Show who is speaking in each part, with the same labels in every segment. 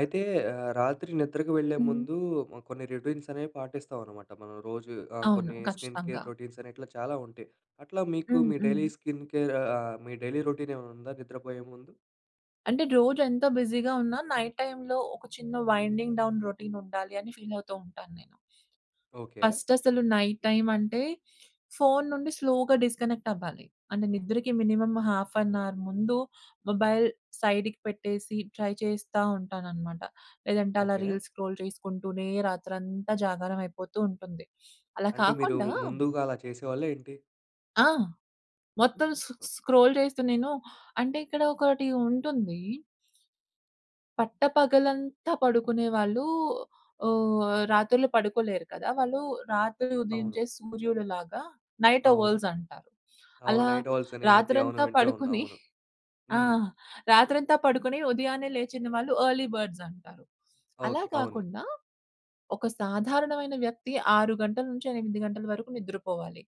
Speaker 1: అయితే, ఆహ్, రాత్రి నిద్రకు వెళ్ళే
Speaker 2: హ్మ్.
Speaker 1: ముందూ హ్మ్, కొన్ని రొటీన్సనేవి పాటిస్తావనమాట మనం రోజూ. ఆహ్,
Speaker 2: అవును.
Speaker 1: కొన్నీ స్కిన్ కేర్
Speaker 2: ఖచ్చితంగా.
Speaker 1: రొటీన్సని, ఇట్లా చాలా ఉంటాయి. అట్లా మీకు
Speaker 2: హ్మ్.
Speaker 1: మీ
Speaker 2: హ్మ్.
Speaker 1: డైలీ స్కిన్ కేర్ ఆహ్, ఆహ్, మీ డైలీ రొటీనేవన్నుందా నిద్రపోయే ముందు?
Speaker 2: అంటే, రోజు ఎంత బిజీగా ఉన్నా, నైట్ టైమ్‌లో ఒక చిన్న వైండింగ్ డౌన్ రొటీనుండాలి అని ఫీలవుతూ ఉంటాను నేను.
Speaker 1: ఓకే.
Speaker 2: ఫస్టసలు నైట్ టైమంటే, ఫోను నుండి స్లోగా డిస్‌క‌నెక్టవ్వాలి. అంటే, నిద్రకి మినిమమ్ హాఫ్ ఎన్ అవర్ ముందు మొబైల్ సైడికి పెట్టేసి, ట్రై చేస్తా ఉంటాననమాట. లేదంటే అలా
Speaker 1: ఓకే.
Speaker 2: రీల్స్ స్క్రోల్ చేసుకుంటూనే రాత్రంతా జాగారం అయిపోతూ ఉంటుంది. అలా
Speaker 1: అంటే, మీరూ
Speaker 2: కాకుండా
Speaker 1: ముందూగా అలా చేసేవాళ్ళా ఏంటి?
Speaker 2: ఆ! మొత్తం సొ సొ
Speaker 1: [unintelligible]
Speaker 2: స్క్రోల్ చేస్తు నేను అంటే, ఇక్కడ ఒకటి ఉంటుంది. పట్ట పగలంతా పడుకునే వాళ్ళూ ఆహ్, రాత్రులు పడుకోలేరు కదా! వాళ్ళు రాత్రి
Speaker 1: అవును.
Speaker 2: ఉదయించే సూర్యుడు‌లాగా నైట్
Speaker 1: అవును.
Speaker 2: ఒవల్స్ అంటారు.
Speaker 1: అవును.
Speaker 2: అలా
Speaker 1: నైట్ ఓవల్సని ఈ మధ్య అవును.
Speaker 2: రాత్రంతా
Speaker 1: వింటా ఉన్నాం.
Speaker 2: పడుకునీ
Speaker 1: అవును.
Speaker 2: ఆ!
Speaker 1: హ్మ్.
Speaker 2: రాత్రంతా పడుకొని ఉదయాన్నే లేచిన వాళ్ళు ఎర్లీ బర్డ్స్ అంటారు. అలా
Speaker 1: ఓకే. అవును.
Speaker 2: కాకుండా, ఒక సాధారణమైన వ్యక్తి 6 గంటల నుంచి 8 గంటల వరకు నిద్రపోవాలి.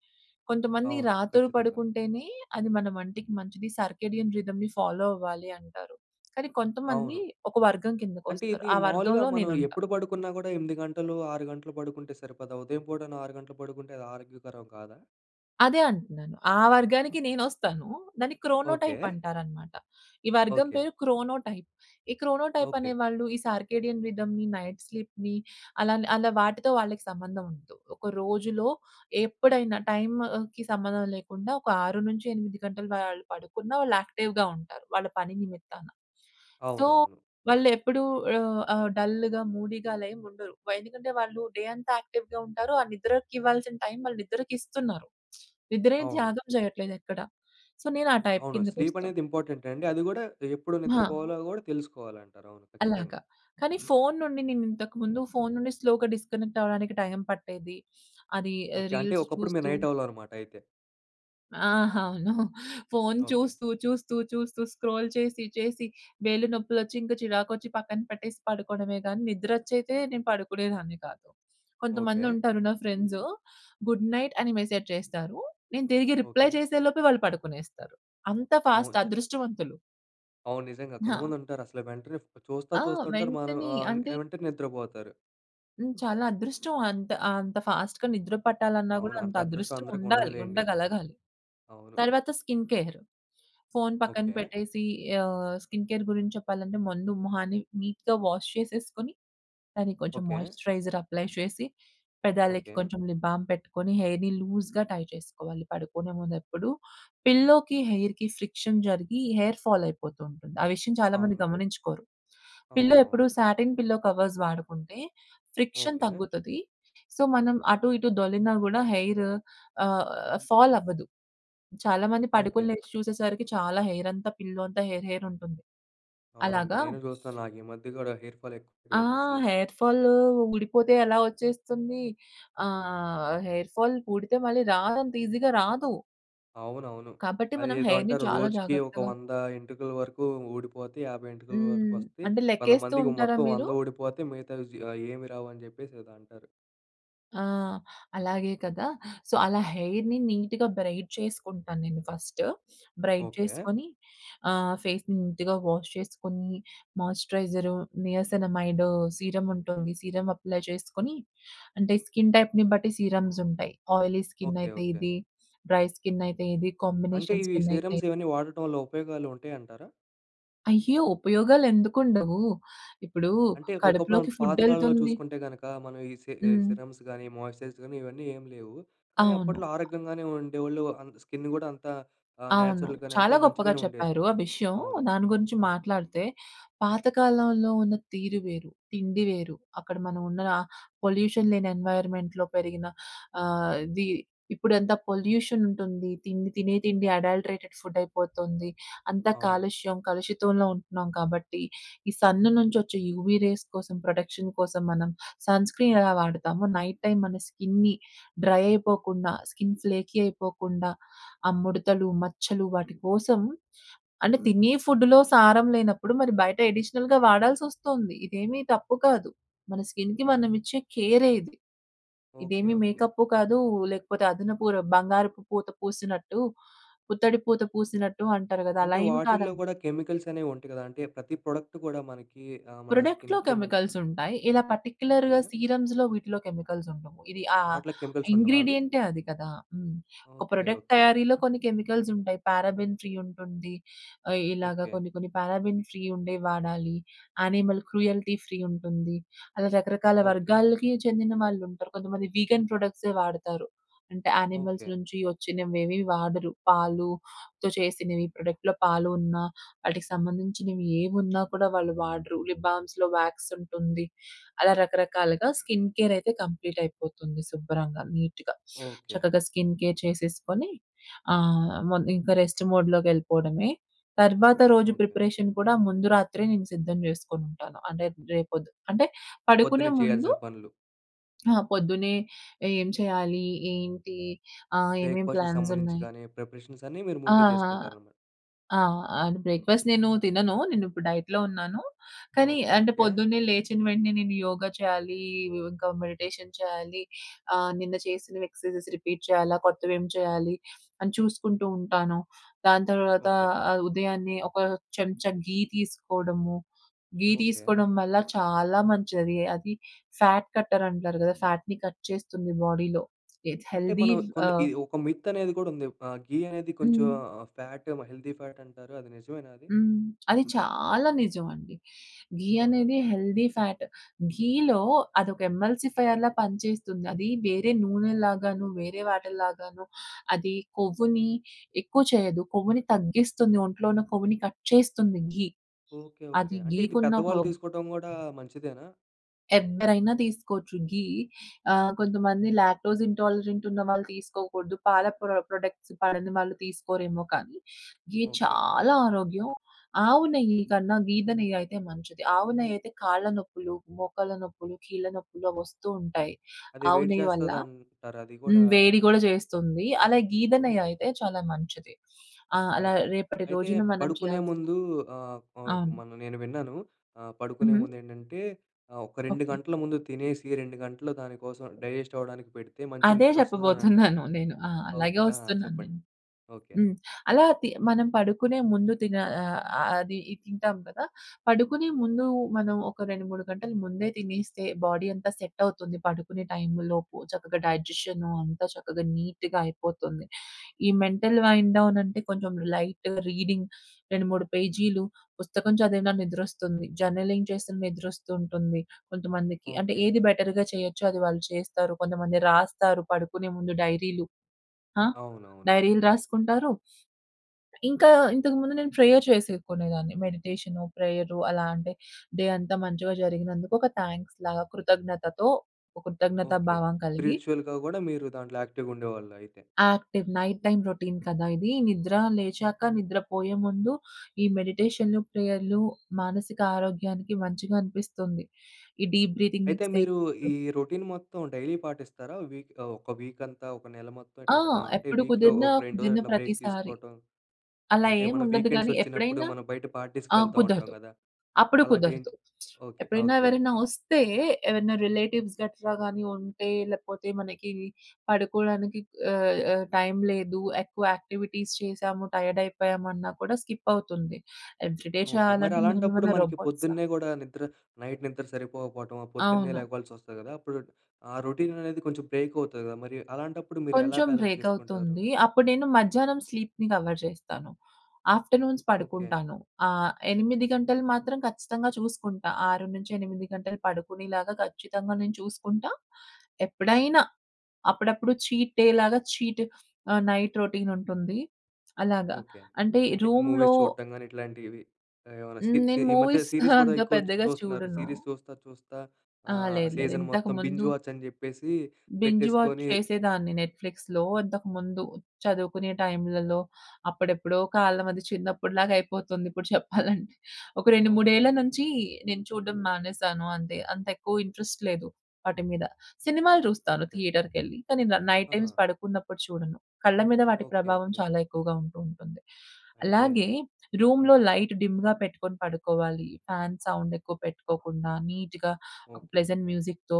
Speaker 2: కొంతమంది
Speaker 1: అవును.
Speaker 2: రాత్రి
Speaker 1: ఖచ్చితంగా.
Speaker 2: పడుకుంటేనే అది మన వంటికి మంచిది, సర్కేడియం రిదమ్‌ని ఫాలో అవ్వాలి అంటారు, కానీ కొంతమంది
Speaker 1: అవును.
Speaker 2: ఒక వర్గం
Speaker 1: అంటే,
Speaker 2: కిందకొస్తారు.
Speaker 1: ఇది
Speaker 2: ఆ
Speaker 1: మావులుగా
Speaker 2: వర్గంలో
Speaker 1: మనం
Speaker 2: నేనుంటా.
Speaker 1: ఎప్పుడు పడుకున్నా గూడా 8 గంటలు, 6 గంటలు పడుకుంటే సరిపోదా? ఉదయం పూటైన 6 గంటలు పడుకుంటే అది ఆరోగ్యకరం కాదా?
Speaker 2: అదే అంటున్నాను. ఆ వర్గానికి నేనొస్తాను. దాన్ని క్రోనోటైప్
Speaker 1: ఓకె.
Speaker 2: అంటారన్నమాట. ఈ వర్గం
Speaker 1: ఓకె.
Speaker 2: పేరు క్రోనోటైప్. ఈ క్రోనోటైప్
Speaker 1: ఓకె.
Speaker 2: అనేవాళ్ళు ఈ సార్కేడియన్ రిథమ్‌ని, నైట్ స్లీప్‌ని అలా, అలా వాటితో వాళ్ళకి సంబంధం ఉండదు. ఒక రోజులో ఎప్పుడైనా టైంకి సంబంధం లేకుండా ఒక 6-8 గంటలు వాళ్ళు పడుకున్నా వాళ్ళు యాక్టివ్‌గా ఉంటారు. వాళ్ళ పని నిమిత్తాన. సో,
Speaker 1: అవునవును.
Speaker 2: వాళ్ళు ఎప్పుడు ఆహ్, ఆహ్, డల్‌గా, మూడీగా అలా ఏం ఉండరు. వ ఎందుకంటే, వాళ్ళు డే అంతా యాక్టివ్‌గా ఉంటారు. ఆ నిద్రకి ఇవ్వాల్సిన టైమ్ వాళ్ళు నిద్రకిస్తున్నారు. నిద్రేం
Speaker 1: అవును.
Speaker 2: త్యాగం చేయట్లేదు ఎక్కడ. సో, నేనా టైప్
Speaker 1: అవును. స్లీప్
Speaker 2: కిందకొస్తాం.
Speaker 1: అనేది ఇంపార్టెంట్ అండి. అది కూడా ఎప్పుడు
Speaker 2: ఆ!
Speaker 1: నిద్రపోవాలో గూడా, తెలుసుకోవాలంటారు. అవును
Speaker 2: అలాగ.
Speaker 1: ఖచ్చితంగా.
Speaker 2: కాని, ఫోను నుండి నేను ఇంతకు ముందు ఫోను నుండి స్లో‌గా డిస్‌కనెక్ట్ అవ్వడానికి టైం పట్టేది. అది
Speaker 1: ఓకె. అంటే,
Speaker 2: రీల్స్
Speaker 1: ఒకప్పుడు మీరు
Speaker 2: చూస్తూ.
Speaker 1: నైట్ ఔలనమాట. అయితే.
Speaker 2: ఆ! అవును. Phone
Speaker 1: okay.
Speaker 2: చూస్తూ, చూస్తూ, చూస్తూ, స్క్రోల్ చేసి, చేసి వేళ్లు నొప్పులొచ్చి, ఇంకా చిరాకొచ్చి పక్కన పెట్టేసి పడుకోవడమే గానీ, నిద్ర వచ్చైతే నేను పడుకునేదాన్ని కాదు.
Speaker 1: ఓకె.
Speaker 2: కొంతమందుంటారు నా ఫ్రెండ్స్ గుడ్‌నైట్ అని మెసేజ్ చేస్తారు. నేను తిరిగి రిప్లై
Speaker 1: ఓకె.
Speaker 2: చేసేలోపే వాళ్ళు పడుకునేస్తారు. అంత
Speaker 1: అవును.
Speaker 2: ఫాస్ట్
Speaker 1: చ
Speaker 2: అదృష్టవంతులు.
Speaker 1: అవును. నిజంగా.
Speaker 2: ఆ!
Speaker 1: కొంతమందుంటారు అసలే వెంటనే ఫో చూస్తా,
Speaker 2: ఆ!
Speaker 1: చూస్తా ఉంటారు. మనం
Speaker 2: వెంటనే
Speaker 1: ఆహ్,
Speaker 2: అంటే
Speaker 1: ఏమంటే నిద్రపోతారు.
Speaker 2: హ్మ్. చాలా అదృష్టం. అంత అంత ఫాస్ట్‌గా నిద్ర పట్టాలన్నా గూడా
Speaker 1: అవును.
Speaker 2: అంత
Speaker 1: అంత అదృష్టం
Speaker 2: అదృష్టం
Speaker 1: అందరికి
Speaker 2: ఉండాలి.
Speaker 1: ఉండదులేండి.
Speaker 2: ఉండగలగాలి.
Speaker 1: అవును.
Speaker 2: తర్వాత స్కిన్ కేర్. ఫోను పక్కన
Speaker 1: ఓకే.
Speaker 2: పెట్టేసి ఆహ్, స్కిన్ కేర్ గురించి చెప్పాలంటే, ముందు మొహాన్ని నీట్‌గా వాష్ చేసేసుకొని, దాన్ని కొంచెం
Speaker 1: ఓకే.
Speaker 2: మాయిశ్చరైజర్ అప్లై చేసి, పెదాలకి
Speaker 1: ఓకే.
Speaker 2: కొంచెం లిప్ బామ్ పెట్టుకొని, హెయిర్‌ని లూజ్‌గా టై చేసుకోవాలి. పడుకునే ముందు ఎప్పుడు పిల్లోకి, హెయిర్‌‌కి ఫ్రిక్షన్ జరిగి హెయిర్ ఫాల్ అయిపోతూంటుంది. ఆ విషయం చాలా మంది
Speaker 1: అవును.
Speaker 2: గమనించుకోరు. పిల్లో ఎప్పుడు
Speaker 1: అవునవును.
Speaker 2: సాటిన్ పిల్లో కవర్స్ వాడుకుంటే, ఫ్రిక్షన్
Speaker 1: ఓకే.
Speaker 2: తగ్గుతది. సో, మనం అటు, ఇటు దొర్లిన గూడా హెయిరు ఆహ్, ఫాల్ అవ్వదు. చాలా మంది పడుకొని
Speaker 1: ఓకే.
Speaker 2: లేచి చూసేసరికి, చాలా హెయిర్ అంతా పిల్లో అంతా హెయిర్‌, హెయిర్‌ ఉంటుంది.
Speaker 1: అవునండి.
Speaker 2: అలాగా
Speaker 1: నేనూ జూస్తా, నాకి మధ్య గూడా హెయిర్ ఫాల్
Speaker 2: ఆ!
Speaker 1: ఎక్కువయిపోయిందసలు.
Speaker 2: హెయిర్ ఫాలూ ఊడిపోతే ఎలా వచ్చేస్తుంది? ఆహ్, హెయిర్ ఫాల్ వూడితే మళ్ళీ రాదంత ఈజీగా రాదు.
Speaker 1: అవునవును.
Speaker 2: కాబట్టి మనం
Speaker 1: అదేదో
Speaker 2: హెయిర్‌ని
Speaker 1: అంటారు.
Speaker 2: చాలా
Speaker 1: రోజుకి ఒక
Speaker 2: జాగ్రత్తగా
Speaker 1: 100 ఎంటుకల వరకు ఊడిపోతే, 50 ఎంటుకల వరకు
Speaker 2: హ్మ్.
Speaker 1: వస్తే,
Speaker 2: అంటే
Speaker 1: కొంతమందికి
Speaker 2: లెక్కేస్తూంటారా
Speaker 1: మొత్తం
Speaker 2: మీరు?
Speaker 1: 100 ఓడిపోతే మిగతావి జి ఏమీ రావు అని జెప్పేసి ఏదో అంటారు.
Speaker 2: ఆ! అలాగే కదా! సో, అలా హెయిర్‌ని నీట్‌గా బ్రైడ్ చేసుకుంటాను నేను ఫస్టు. Braid
Speaker 1: okay.
Speaker 2: చేసుకొని, ఆహ్, ఫేస్‌‌ని నీట్‌గా వాష్ చేసుకొనీ, మాయిశ్చరైజరు, నియాసినామైడు సీరముంటుంది, సీరమ్ అప్లై చేసుకొని, అంటే, స్కిన్ టైప్‌ని బట్టి సీరమ్సుంటాయి. Oily
Speaker 1: okay.
Speaker 2: స్కిన్నయితే
Speaker 1: ఓకే.
Speaker 2: ఇది, డ్రై స్కిన్నయితే ఇది,
Speaker 1: అంటే,
Speaker 2: కాంబినేషన్
Speaker 1: ఇవి
Speaker 2: స్కిన్నయితే
Speaker 1: సీరమ్స్ ఇవన్నీ వాడటం వల్ల ఉపయోగాలుంటయి అంటారా?
Speaker 2: అయ్యో! ఉపయోగాలెందుకుండవు? ఇప్పుడూ
Speaker 1: అంటే, ఒకప్పుడాను
Speaker 2: కడుపులోకి
Speaker 1: పాతకాలంలో
Speaker 2: ఫుడ్డెళ్తుంది
Speaker 1: చూసుకుంటే గనక, మనం ఈ సి ఆహ్,
Speaker 2: హ్మ్.
Speaker 1: సిరమ్స్ గానీ, మాయిశ్చరైజ్ గానీ, ఇవన్నీ ఏమి లేవు, కానీ
Speaker 2: అవును.
Speaker 1: అప్పట్లో
Speaker 2: అ!
Speaker 1: ఆరోగ్యంగానే ఉండేవోళ్ళు, అంత స్కిన్ను గూడా అంతా ఆహ్,
Speaker 2: అవును.
Speaker 1: న్యాచురల్‍గానే అంతా
Speaker 2: చాలా గొప్పగా
Speaker 1: మంచిగానే ఉండేది.
Speaker 2: చెప్పారు ఆ విషయం.
Speaker 1: అవును.
Speaker 2: దాని గురించి
Speaker 1: అవును.
Speaker 2: మాట్లాడితే, పాతకాలంలో ఉన్న తీరు వేరు, తిండి వేరు, అక్కడ మనవున్న పొల్యూషన్ లేని ఎన్వైర్‌మెంట్‌లో పెరిగిన ఆహ్, అది ఇప్పుడెంత పొల్యూషనుంటుంది. తిండి తినే తిండి అడల్టరేటెడ్ ఫుడ్డయిపోతుంది. అంతా
Speaker 1: అవును.
Speaker 2: కాలుష్యం, కలుషితంలో ఉంటున్నాం కాబట్టి, ఈ సన్ను నుంచొచ్చే యూవీ రేస్ కోసం, ప్రొటెక్షన్ కోసం, మనం సన్ స్క్రీనెలా వాడతామో నైట్ టైమ్ మన స్కిన్‌ని డ్రై అయిపోకుండా, స్కిన్ ఫ్లేకీ అయిపోకుండా, ఆ ముడతలు, మచ్చలు, వాటి కోసం అంటే, తినే ఫుడ్డులో సారం లేనప్పుడు, మరి బయట ఎడిషనల్‌గా వాడాల్సొస్తొంది. ఇదేమీ తప్పు కాదు. మన స్కిన్‍కి
Speaker 1: అవును.
Speaker 2: మనమిచ్చే కేరే ఇది.
Speaker 1: ఓకే.
Speaker 2: ఇదేమి
Speaker 1: ఓకే.
Speaker 2: మేకప్పు కాదు, లేకపోతే అదనపు ర బంగారపు పూత పూసినట్టు, పుత్తడి పూత పూసినట్టు అంటారు గదా! అలా
Speaker 1: అంటే,
Speaker 2: ఏం
Speaker 1: వాటిల్లో
Speaker 2: కాదండి.
Speaker 1: గూడా కెమికల్సనేవి ఉంటాయి గదా! అంటే, ప్రతి ప్రొడక్ట్ గూడా మనకీ ఆహ్, మన
Speaker 2: ప్రొడక్ట్‌లో
Speaker 1: స్కిన్‌కి, మన్
Speaker 2: కెమికల్సుంటాయి. ఇలా
Speaker 1: ఓకే.
Speaker 2: పార్టిక్యులర్‌గా సీరమ్స్‌లో, వీటిలో కెమికల్సుండవు. ఇది ఆహ్,
Speaker 1: వాటిలో కెమికల్సుండవా అవి?
Speaker 2: ఇంగ్రీడియెంటే అది కదా! హ్మ్. ఒక
Speaker 1: ఓకే.
Speaker 2: Product
Speaker 1: okay.
Speaker 2: తయారీలో కొన్ని కెమికల్సుంటాయి. పారాబెన్ ఫ్రీ ఉంటుంది, ఆహ్, ఇలాగ
Speaker 1: ఓకే.
Speaker 2: కొన్ని కొన్ని పారాబెన్ ఫ్రీ ఉండేవి వాడాలి. యానిమల్ క్రూయల్టీ ఫ్రీ ఉంటుంది. అలా రకరకాల
Speaker 1: ఓకే.
Speaker 2: వర్గాలకి చెందిన వాళ్ళుంటరు. కొంతమంది వీగన్ ప్రొడక్ట్సే వాడతారు. అంటే, యానిమల్స్
Speaker 1: ఓకే.
Speaker 2: నుంచి ఒచ్చినవేవీ వాడరు. పాలుతో చేసినివి, ప్రొడక్ట్‌లో పాలు ఉన్నా, వాటికి సంబంధించినివి ఏమున్నా కూడా వాళ్ళు వాడరు. లిప్ బామ్స్‌లో వ్యాక్సుంటుంది. అలా రకరకాలుగా స్కిన్ కేరయితే కంప్లీటయిపోతుంది శుభ్రంగా, నీట్‌గా.
Speaker 1: ఓకే.
Speaker 2: చక్కగా స్కిన్ కేర్ చేసేసుకొని, ఆహ్, మొన్ ఇంక రెస్ట్ మోడ్‌లోకెళ్ళిపోడమే. తర్వాత రోజు
Speaker 1: ఓకే.
Speaker 2: ప్రిపరేషన్ కూడా ముందు రాత్రే నేను సిద్ధం జేసుకొనుంటాను. అనేత్ రేపొద్ అంటే పడుకునే
Speaker 1: పొద్దున్నే
Speaker 2: ముందు
Speaker 1: చెయ్యాల్సిన పనులు.
Speaker 2: ఆహ్, పొద్దునే ఏం చెయాలి, ఏంటి, ఆహ్, ఏమేం
Speaker 1: బ్రేక్‌ఫా‌స్ట్‌కి సంబంధించి
Speaker 2: ప్లాన్సున్నాయి.
Speaker 1: గానీ, ప్రిపరేషన్సన్నీ మీరు
Speaker 2: ఆ!
Speaker 1: ముందే
Speaker 2: ఆ!
Speaker 1: చేసుకుంటారనమాట?
Speaker 2: ఆ! అంటే, బ్రేక్‌ఫా‌స్ట్ నేనూ తినను. నేనిప్పుడు డైట్‌లో ఉన్నాను, కానీ
Speaker 1: ఓకే.
Speaker 2: అంటే,
Speaker 1: ఓకే.
Speaker 2: పొద్దున్నే లేచిన వెంటనే నేను యోగా చెయ్యాలీ వ్ ఇంకా మెడిటేషన్ చెయ్యాలి. ఆహ్, నిన్న చేసినవి ఎక్సర్‌సైజెస్ రిపీట్ చెయ్యాలా? కొత్తవేమి చెయ్యాలి? అని చూసుకుంటూ ఉంటాను. దాని తర్వాత
Speaker 1: ఓకే.
Speaker 2: ఆహ్, ఉదయాన్నే ఒక చెంచా ఘీ తీసుకోడము. ఘీ
Speaker 1: ఓకే.
Speaker 2: తీసుకోడం వల్ల చాలా మంచది. అది ఫ్యాట్ కట్టరంటారు గదా! ఫ్యాట్‍ని కట్ చేస్తుంది బాడీలో, విత్
Speaker 1: అంటే,
Speaker 2: హెల్తీ
Speaker 1: మనం
Speaker 2: వ్
Speaker 1: కొన్ని ఈ
Speaker 2: ఆహ్
Speaker 1: ఒక మిత్ అనేది కూడుంది. ఆహ్, ఘీ అనేది కొంచుం
Speaker 2: హ్మ్.
Speaker 1: ఆహ్, ఫ్యాటే మ హెల్దీ ఫ్యాట్టంటారు. అది నిజమేనా అది?
Speaker 2: హ్మ్. అది చాలా నిజమండి. ఘీ
Speaker 1: అవునా?
Speaker 2: అనేది హెల్దీ ఫ్యాట్. ఘీలో అదొక ఎమ్మెల్సిఫైర్‌లా పనిచేస్తుంది. అది వేరే నూనెల్లాగాను, వేరే వాటిల్లాగాను, అది కొవ్వుని ఎక్కువ చెయ్యదు, కొవ్వుని తగ్గిస్తుంది. ఒంట్లో ఉన్న కొవ్వుని కట్ చేస్తుంది ఘీ.
Speaker 1: ఓకే. ఓకే.
Speaker 2: అది
Speaker 1: అంటే, ఇది
Speaker 2: ఘీకున్న
Speaker 1: పెద్దవాళ్ళు
Speaker 2: పవర్.
Speaker 1: తీసుకోటం గూడా మంచిదేనా?
Speaker 2: ఎవ్వరైనా తీసుకోవచ్చు ఘీ ఆహ్, కొంతమంది లాక్టోస్ ఇంటాలరెంట్ ఉన్న వాళ్ళు తీసుకోకూడదు. పాల ప్రొ ప్రొడక్ట్స్ పడని వాళ్ళు తీసుకోరేమో కానీ, ఘీ
Speaker 1: ఓకె.
Speaker 2: చాలా ఆరోగ్యం. ఆవు నెయ్యి కన్నా గేద నెయ్యి అయితే మంచిది. ఆవు నెయ్యి అయితే కాళ్ళ నొప్పులు, మోకాళ్ళ నొప్పులు, కీళ్ళ నొప్పులు అవొస్తూ ఉంటాయి.
Speaker 1: అది
Speaker 2: ఆవు
Speaker 1: వేడి
Speaker 2: నెయ్యి వల్ల.
Speaker 1: చేస్తది అంటారు అది కూడా
Speaker 2: హ్మ్. వేడి గూడా చేస్తుంది. అలా గేద నెయ్యి
Speaker 1: ఓకె.
Speaker 2: అయితే, చాలా మంచిది. ఆహ్, అలా
Speaker 1: ఓకె.
Speaker 2: రేపటి
Speaker 1: అయితే
Speaker 2: రోజున మనం
Speaker 1: పడుకునే
Speaker 2: చేయాల్సిన
Speaker 1: ముందూ ఆహ్, ప
Speaker 2: అవును.
Speaker 1: మొన్న నేను విన్నాను ఆహ్, పడుకునే
Speaker 2: హ్మ్.
Speaker 1: ముండేంటంటే, ఆహ్, ఒక 2
Speaker 2: ఓకె.
Speaker 1: గంటల ముందు తినేసి 2 గంటలు దానికోసం డైజెస్ట్ అవ్వడానికి పెడితే మంచి
Speaker 2: అదే
Speaker 1: నిద్రొస్తదనంటారు.
Speaker 2: చెప్పబోతున్నాను నేను. ఆ!
Speaker 1: ఓకె.
Speaker 2: అలాగే
Speaker 1: ఆ!
Speaker 2: వస్తున్నాను
Speaker 1: చెప్పండి.
Speaker 2: నేను.
Speaker 1: ఓకె.
Speaker 2: హ్మ్. అలా తి మనం పడుకునే ముందు తిన ఆహ్, అ అది తింటాం కదా! పడుకునే ముందు మనం ఒక 2, 3 గంటలు ముందే తినేస్తే బాడీ అంతా సెటవుతుంది, పడుకునే టైం లోపు చక్కగా డైజెషనూ అంతా చక్కగా నీట్‌గా అయిపోతుంది. ఈ మెంటల్ వైన్ డౌనంటే కొంచెం లైట్ రీడింగ్ 2, 3 పేజీలు పుస్తకం చదివినా నిద్రొస్తుంది, జర్నలింగ్ చేస్తే నిద్రొస్తు ఉంటుంది కొంతమందికి. అంటే
Speaker 1: ఓకె.
Speaker 2: ఏది బెటర్‌గా చేయొచ్చు అది వాళ్ళు చేస్తారు. కొంతమంది రాస్తారు పడుకునే ముందు డైరీలు. ఆ
Speaker 1: అవునవును.
Speaker 2: డైరీలు రాసుకుంటారు ఇంకా ఇంతకుముందు నేను ప్రేయర్ చేసేకునేదాన్ని. మెడిటేషను ప్రేయరు అలా అంటే, డే అంతా మంచిగా జరిగినందుకు ఒక థాంక్స్‌ లాగా కృతజ్ఞతతో ఓ కృతజ్ఞత
Speaker 1: ఓకె.
Speaker 2: భావం కలిగి
Speaker 1: స్పిరిచువల్‌గా గూడా మీరు దాంట్లో యాక్టివ్‌‌గుండేవాళ్ళయితే.
Speaker 2: యాక్టివ్ నైట్ టైమ్ రొటీన్ కదా! ఇది నిద్ర లేచాక నిద్ర పోయే ముందు ఈ మెడిటేషను ప్రేయరులు మానసిక ఆరోగ్యానికి మంచిగా అనిపిస్తుంది. ఈ డీప్ బ్రీథింగ్
Speaker 1: అయితే, మీరు ఈ
Speaker 2: ఎక్సర్సైజులు
Speaker 1: రొటీన్ మొత్తం డైలీ పాటిస్తారా? వీక్ ఆహ్, ఒక వీక్ అంతా ఒక నెల మొత్తం
Speaker 2: ఆ!
Speaker 1: ఇట్లా ఆహ్, అంటే
Speaker 2: ఎప్పుడు
Speaker 1: వీక్‍లో
Speaker 2: కుదిరినా
Speaker 1: ఒక 2 రోజులు
Speaker 2: కుదిరిన
Speaker 1: అట్లా బ్రేక్
Speaker 2: ప్రతిసారి.
Speaker 1: తీసుకోటం,
Speaker 2: అలా
Speaker 1: అంటే
Speaker 2: ఏం
Speaker 1: మనం
Speaker 2: ఉండదు గానీ
Speaker 1: వీకెండ్సొచ్చినప్పుడు
Speaker 2: ఎప్పుడైనా
Speaker 1: మనం బయట పార్టీస్‌కి
Speaker 2: ఆ
Speaker 1: వెళ్తా ఉంటాం
Speaker 2: కుదరదు.
Speaker 1: గదా!
Speaker 2: అప్పుడు
Speaker 1: అలాంటివి
Speaker 2: కుదరదు.
Speaker 1: ఎంటి ఓకె.
Speaker 2: ఎప్పుడైనా
Speaker 1: ఓకె,
Speaker 2: ఎవరైనా
Speaker 1: ఓకె.
Speaker 2: వస్తే ఎవరైనా రిలేటివ్స్ గట్రా గాని ఉంటే లేకపోతే మనకీ పడుకోవడానికి ఆహ్, ఆహ్, టైం లేదు ఎక్కువ యాక్టివిటీస్ చేసాము టైయర్దయిపోయామన్నా కూడా స్కిపవుతుంది. Every day
Speaker 1: okay. మరి
Speaker 2: చేయాలంటే
Speaker 1: అలాంటప్పుడు
Speaker 2: మనమేమైనా
Speaker 1: మనకి
Speaker 2: రోబోట్సా?
Speaker 1: పొద్దున్నే గూడా నిద్ర నైట్ నిద్ర సరిపోకపోవటమో, పొద్దున్నే
Speaker 2: అవును.
Speaker 1: లేగవాల్సొస్తది గదా! అప్పుడు ఆ రొటీననేది కొంచెం బ్రేకవుతది గదా! మరి అలాంటప్పుడు మీరు ఎలా
Speaker 2: కొంచెం
Speaker 1: బాలన్స్ చేసుకుంటారు?
Speaker 2: బ్రేకవుతుందీ. అప్పుడు నేను మధ్యాహ్నం స్లీప్‌ని కవర్ జేస్తాను. Afternoons
Speaker 1: okay.
Speaker 2: పడుకుంటాను. ఆహ్, 8 గంటలు మాత్రం ఖచ్చితంగా చూసుకుంటా. 6-8 గంటలు పడుకునేలాగా ఖచ్చితంగా నేను చూసుకుంటా. ఎప్పుడైనా అప్పుడప్పుడు చీట్ డే లాగా చీటు ఆహ్, నైట్ రొటీన్ ఉంటుంది అలాగా.
Speaker 1: ఓకె.
Speaker 2: అంటే
Speaker 1: అంటే
Speaker 2: రూమ్‌లో
Speaker 1: మూవీస్ చూడటం గాని ఇట్లాంటివి ఏమైనా
Speaker 2: హ్మ్.
Speaker 1: స్కిప్‌కి
Speaker 2: నేను
Speaker 1: ఈ మధ్య
Speaker 2: మూవీస్
Speaker 1: సీరీస్ కూడా
Speaker 2: అంత
Speaker 1: ఎక్కువ చు
Speaker 2: పెద్దగా
Speaker 1: చూస్తున్నారు
Speaker 2: చూడను.
Speaker 1: సీరీస్ చూస్తా, చూస్తా
Speaker 2: ఆ!
Speaker 1: ఆహ్,
Speaker 2: లేదు, లేదు
Speaker 1: సీజన్
Speaker 2: ఇంతక
Speaker 1: మొత్తం
Speaker 2: ముందు
Speaker 1: బింజ్ వాచ్చని జెప్పేసి
Speaker 2: బింజ్ వాచ్
Speaker 1: పెట్టేసుకొని
Speaker 2: చేసేదాన్ని నెట్‌ఫ్లిక్స్‌లో ఇంతకుముందు, చదువుకునే టైంలలో. అప్పుడెప్పుడో కాలం అది చిన్నప్పటిలాగా అయిపోతుంది ఇప్పుడు చెప్పాలంటే. ఒక రెండు
Speaker 1: ఓకె,
Speaker 2: మూడేళ్ల
Speaker 1: ఓకె.
Speaker 2: నుంచి నేను చూడడం మానేసాను అంతే. అంతెక్కువ ఇంట్రెస్ట్ లేదు వాటి మీద. సినిమాలు చూస్తాను
Speaker 1: ఓకె.
Speaker 2: థియేటర్‌కెళ్లి. కానీ నా నైట్
Speaker 1: ఆహా!
Speaker 2: టైమ్స్ పడుకున్నప్పుడు చూడను. కళ్ళ మీద వాటి
Speaker 1: ఓకె,
Speaker 2: ప్రభావం
Speaker 1: ఓకె.
Speaker 2: చాలా ఎక్కువగా ఉంటూ ఉంటుంది.
Speaker 1: అయితే
Speaker 2: అలాగే
Speaker 1: హ్మ్.
Speaker 2: రూమ్‌లో లైట్ డిమ్‌గా పెట్టుకొని పడుకోవాలి, ఫ్యాన్ సౌండ్ ఎక్కువ పెట్టుకోకుండా నీట్‌గా ఒక
Speaker 1: ఓకె.
Speaker 2: ప్లెజెంట్ మ్యూజిక్‌తో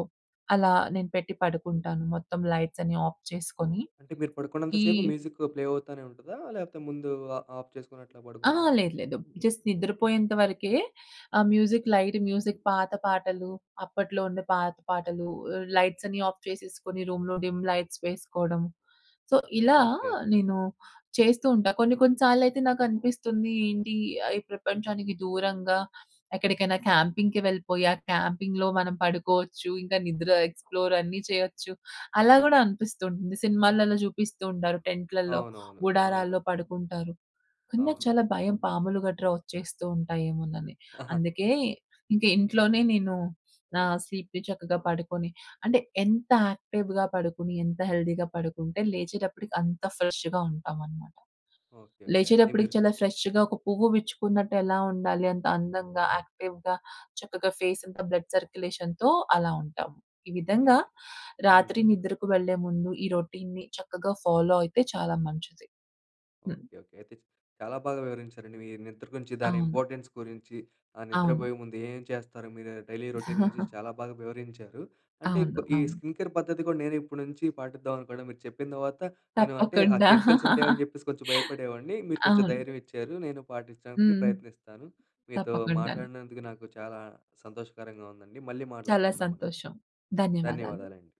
Speaker 2: అలా నేను పెట్టి పడుకుంటాను. మొత్తం లైట్సన్ని ఆఫ్ చేసుకొని.
Speaker 1: అంటే, మీరు పడుకున్నంత
Speaker 2: ఈ
Speaker 1: సేపు మ్యూజిక్కు ప్లే అవుతానే ఉంటదా? లేకపోతే ముందు ఆ ఆఫ్ చేసుకొని అట్లా
Speaker 2: ఆ
Speaker 1: పడుకుంటారా?
Speaker 2: లేదు లేదు. జస్ట్ నిద్రపోయేంతవరకే ఆ మ్యూజిక్ లైట్ మ్యూజిక్ పాత పాటలు, అప్పట్లో ఉండే పాత పాటలు అహ్, లైట్సన్ని ఆఫ్ చేసేసుకొని రూమ్‌లో డిమ్ లైట్స్ వేసుకోవడం. సో, ఇలా,
Speaker 1: ఓకె.
Speaker 2: నేను చేస్తూ ఉంటా. కొన్ని కొన్ని సార్లయితే నాకనిపిస్తుంది ఏంటి ఈ ప్రపంచానికి దూరంగా ఎక్కడికైనా క్యాంపింగ్‌కి వెళ్ళిపోయి ఆ క్యాంపింగ్‌లో మనం పడుకోవచ్చు. ఇంకా నిద్ర ఎక్స్‌ప్లోర్ అన్నీ చేయొచ్చు. అలా కూడా అనిపిస్తూ ఉంటుంది. సినిమాలలో చూపిస్తూ ఉంటారు టెంట్‌లలో,
Speaker 1: అవునవును. అవును.
Speaker 2: గుడారాల్లో పడుకుంటారు. కానీ నాకు
Speaker 1: అవును.
Speaker 2: చాలా భయం పాములు గట్రా వచ్చేస్తూ ఉంటాయేమోనని.
Speaker 1: ఆహా!
Speaker 2: అందుకే ఇంక ఇంట్లోనే నేను, నా స్లీప్‌ని చక్కగా పడుకొని అంటే ఎంత యాక్టివ్‌గా పడుకొని ఎంత హెల్తీగా పడుకుంటే లేచేటప్పటికి అంత ఫ్రెష్‌గా ఉంటామనమాట.
Speaker 1: ఓకె. ఓకె. అయితే
Speaker 2: లేచేటప్పటికి
Speaker 1: మీరు
Speaker 2: చాలా ఫ్రెష్‌గా ఒక పువ్వు విచ్చుకున్నట్టు ఎలా ఉండాలి అంత అందంగా, యాక్టివ్‌గా చక్కగా ఫేసంతా బ్లడ్ సర్క్యులేషన్‌తో అలా ఉంటాం. ఈ విధంగా
Speaker 1: అయితే హ్మ్.
Speaker 2: రాత్రి నిద్రకు వెళ్ళే ముందు ఈ రొటీన్‌ని చక్కగా ఫాలో అయితే చాలా మంచిది. హ్మ్.
Speaker 1: ఓకె. ఓకె. అయితే చా చాలా బాగా వివరించారండి మీ నిద్ర గురించి దాని
Speaker 2: అవును.
Speaker 1: ఇంపార్టెన్స్ గురించి, ఆ
Speaker 2: అవును.
Speaker 1: నిద్రబోయే ముందు ఏం ఏం చేస్తారు మీరు డైలీ రోటీన్ గురించి చాలా బాగా వివరించారు. అంటే
Speaker 2: అవును,
Speaker 1: కొ ఈ
Speaker 2: అవును.
Speaker 1: స్కిన్ కేర్ పద్ధతి కూడా నేను ఇప్పటి నుంచి పాటిద్దాం అనుకుంటున్న, మీరు చెప్పిన తర్వాత నేను అంటే ఆ
Speaker 2: తప్పకుండా.
Speaker 1: కెమికల్స్ ఉంటాయని చెప్పేసి కొంచెం భయపడేవాడిని, మీరు కొంచెం
Speaker 2: అవును.
Speaker 1: ధైర్యం ఇచ్చారు. నేను పాటించడానికి
Speaker 2: హ్మ్.
Speaker 1: ప్రయత్నిస్తాను. మీతో
Speaker 2: తప్పకుండాను.
Speaker 1: మాట్లాడినందుకు నాకు చాలా సంతోషకరంగా ఉందండి. మళ్ళీ
Speaker 2: చాలా
Speaker 1: మాట్లాడుకుందాం మనం.
Speaker 2: సంతోషం. ధన్యవాదాలు.
Speaker 1: ధన్యవాదాలండి.